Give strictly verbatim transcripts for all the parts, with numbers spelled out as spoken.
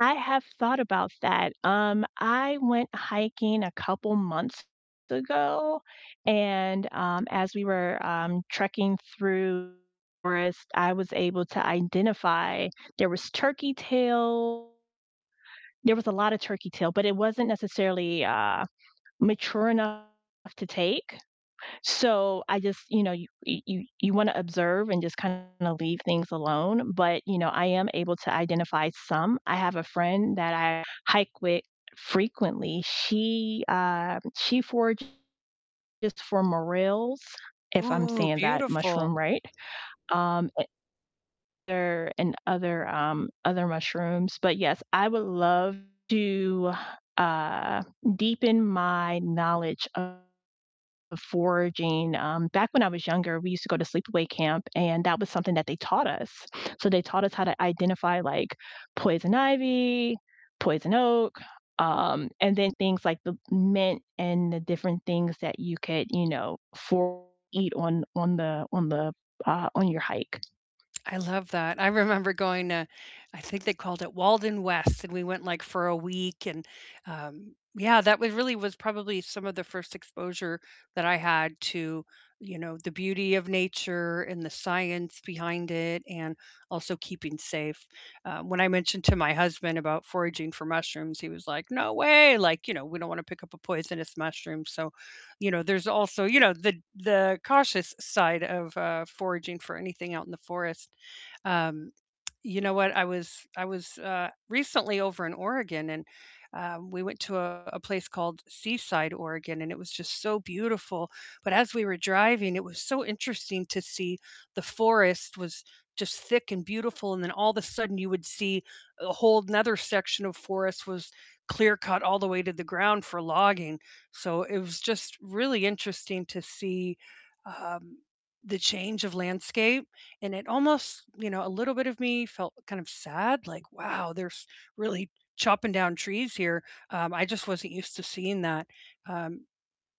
I have thought about that. Um, I went hiking a couple months ago and, um, as we were, um, trekking through the forest, I was able to identify there was turkey tail there was a lotta turkey tail, but it wasn't necessarily, uh, mature enough to take. So I just, you know, y y you wanna observe and just kinda leave things alone, but, you know, I am able to identify some. I have a friend that I hike with frequently, she, uh she forages for morelles, if I'm Ooh, saying that beautiful! mushroom right, um, and other and other, um, other mushrooms, but yes, I would love to, uh, deepen my knowledge of foraging. Um, back when I was younger, we used to go to sleepaway camp, and that was something that they taught us. So they taught us how to identify, like, poison ivy, poison oak, um, and then things like the mint and the different things that you could, you know, for eat on on the on the uh, on your hike. I love that. I remember going to, I think they called it Walden West, and we went, like, for a week and, um, yeah, that was really was probably some of the first exposure that I had to, you know, the beauty of nature and the science behind it and also keeping safe. Uh, when I mentioned to my husband about foraging for mushrooms, he was like, "No way!" Like, you know, we don't wanna pick up a poisonous mushroom. So, you know, there's also, you know, the the cautious side of, uh, foraging for anything out in the forest. Um, you know what? I was I was, uh, recently over in Oregon and, um, we went to a a place called Seaside, Oregon, and it was just so beautiful, but as we were driving, it was so interesting to see the forest was just thick and beautiful, and then all of the sudden you would see a whole 'nother section of forest was clear-cut all the way to the ground for logging, so, it was just really interesting to see, um, the change of landscape, and it almost you know, a little bit of me felt kind of sad, like, "Wow, they're s really chopping down trees here," um, I just wasn't used to seeing that. Um,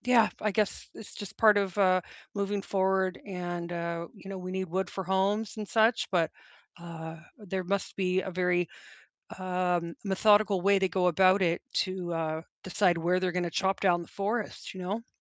yeah, I guess it's just part of, uh, moving forward and, uh, you know, we need wood for homes and such, but, uh, there must be a very, um, methodical way to go about it to, uh, decide where they're gonna chop down the forest, you know?